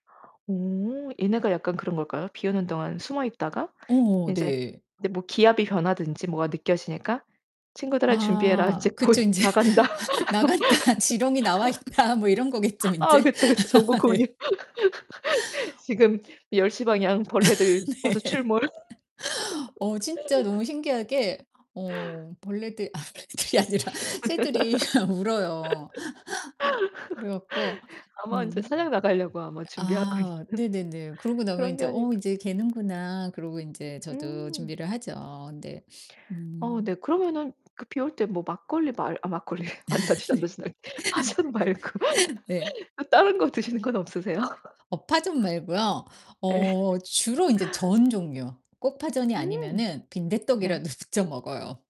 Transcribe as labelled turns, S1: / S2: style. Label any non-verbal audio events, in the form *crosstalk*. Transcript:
S1: 오 얘네가 약간 그런 걸까요? 비오는 동안 숨어 있다가
S2: 어
S1: 인제
S2: 네.
S1: 인제 뭐 기압이 변하든지 뭐가 느껴지니까 '친구들아 준비해라 이제
S2: 아
S1: 곧
S2: 그쵸 인제
S1: 나간다.'
S2: 나갔다. 지렁이 나와 있다. 뭐 이런 거겠죠
S1: *laughs* 아
S2: 인제.
S1: 그쵸, 그쵸. 정보 공유.
S2: 네.
S1: *laughs*
S2: *laughs*
S1: 지금 10:00 방향
S2: 네.
S1: 벌레들 와서
S2: *laughs*
S1: 출몰.
S2: 어 진짜 너무
S1: *laughs*
S2: 신기하게 어 벌레들 아 벌레들이 아니라 새들이 울어요. 그래 갖고
S1: *laughs* 아마 인제
S2: 음.
S1: 사냥 나가려고 아마 준비하고
S2: 아
S1: 있는
S2: 네네네. 그러고 나면
S1: 그런 게
S2: 인제 어
S1: 아닐까.
S2: 인제 개는구나. 그러고 인제 저도
S1: 음.
S2: 준비를 하죠. 근데
S1: 어
S2: 음
S1: 네 그러면은 그 비 올 때 뭐 막걸리 말 아 막걸리래. 아니다. *unintelligible* 파전 말고.
S2: *laughs* 네. *laughs* 네.
S1: 또 다른 거 드시는 건 없으세요?
S2: 어 파전 말고요.
S1: 예.
S2: 어 주로 이제
S1: *laughs*
S2: 전 종류. 꼭 파전이
S1: 음.
S2: 아니면은
S1: 네.
S2: 빈대떡이라도 직접 먹어요.